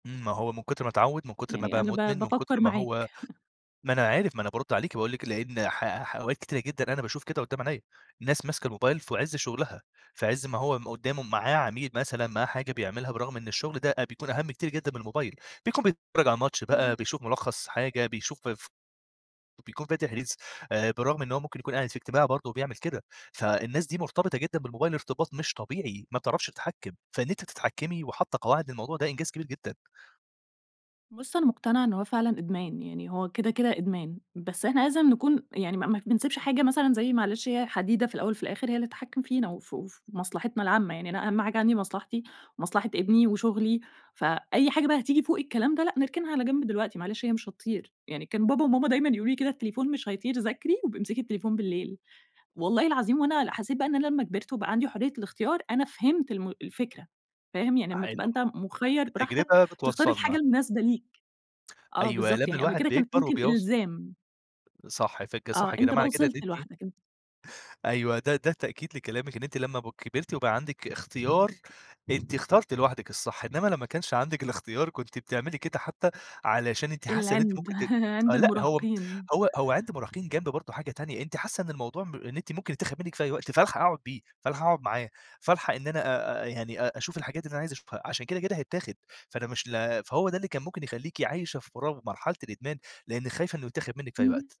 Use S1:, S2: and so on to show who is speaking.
S1: إمم، ما هو من كُتر ما اتعوّد من كُتر ما
S2: يعني
S1: بقى
S2: أنا ب
S1: مدمن، من كُتر
S2: بافكّر
S1: ما هو
S2: معاك.
S1: ما أنا عارف ما أنا بارُدّ عليكِ، واقول لِك لإن ح ح أوقات كتيرة جدًا أنا باشوف كده قدّام عينيا، الناس ماسكة الموبايل فعِزّ شغلها فعِزّ ما هو م قدّامه معاه عميل مثلًا معاه حاجة بيعملها برغم إن الشغل ده أ بيكون أهَم كتير جدًا من الموبايل، بيكون بيتفرّج على ماتش بقى
S2: اهم.
S1: بيشوف ملخَّص حاجة، بيشوف ف وبيكون فاتح ريلز آآ، بالرغم إن هو ممكن يكون قاعد في اجتماع برضه وبيعمل كده، فالناس دي مرتبطة جدًا بالموبايل ارتباط مش طبيعي، ما بتعرفش تتحكم، فإن أنتِ تتحكمي وحاطّة قواعد للموضوع ده إنجاز كبير جدًا.
S2: بُصّ، أنا مقتنعة إن هو فعلًا إدمان، يعني هو كده، كده إدمان، بس إحنا لازم نكون يعني ما ما ف ما بنسيبش حاجة مثلًا زي معلش هي حديدة في الأول وفي الآخر، هي اللي تتحكم فينا وف وفي مصلحتنا العامة يعني، أنا أهَم حاجة عندي مصلحتي، ومصلحة ابني وشغلي، فأي حاجة بقى هتيجي فوق الكلام ده، لأ، نركنها على جنب دلوقتي، معلش هي مش هتطير، يعني كان بابا وماما دايمًا يقولوا لي كده التليفون مش هيطير، ذاكري وابقي امسكِ التليفون بالليل، والله العظيم وأنا ل حسيت بقى إن أنا لمّا كبرت وبقى عندي حرية الإختيار أنا فهمت الم الفكرة فاهم؟ يعني أمّا تبقى
S1: حلو،
S2: أنت
S1: آآ،
S2: مُخيّر براحتك
S1: التجربة
S2: تختار الحاجة
S1: بتوصَّلنا.
S2: المناسبة ليك، آه
S1: أيوه،
S2: بالضبط
S1: لإن
S2: يعني، قبل
S1: الواحد
S2: كده كانت
S1: بيكبر
S2: ممكن
S1: وبيوص
S2: إلزام.
S1: صح، فج
S2: آه
S1: صح كده
S2: أنت بقى
S1: معني كده إن
S2: وصلت
S1: أنتِ
S2: لوحدك أن
S1: أيوه ده ده تأكيد لكلامِك إن أنتِ لمّا ب كبرتي وبقى عندِك إختيار، أنتِ اخترتِ لوحدِك الصح، إنّما لمّا كانش عندِك الإختيار كنتِ بتعملي كده حتى علشان أنتِ حاسّة إن أنتِ
S2: العِنْد،
S1: ممكن ت
S2: عِند
S1: آآ، لأ هو م
S2: المراهقين.
S1: هو هو عِنْد مراهقين جنب برضه حاجة تانية، أنتِ حاسّة إن الموضوع م إن أنتِ ممكن يتاخد منِّك في أي وقت، فالحق اقعُد بيه، فالحق اقعُد معاه فالحق إن أنا أ أ يعني أ أشوف الحاجات اللي أنا عايزة أشوفها، عشان كده، كده هيتاخد، فأنا مش ل فهو ده اللي كان ممكن يخلّيكِ عايشة في فراغ مرحلة الإدمان، لإنِّك خايفة إنه يتاخد منِّك في أي وقت.
S2: اهم.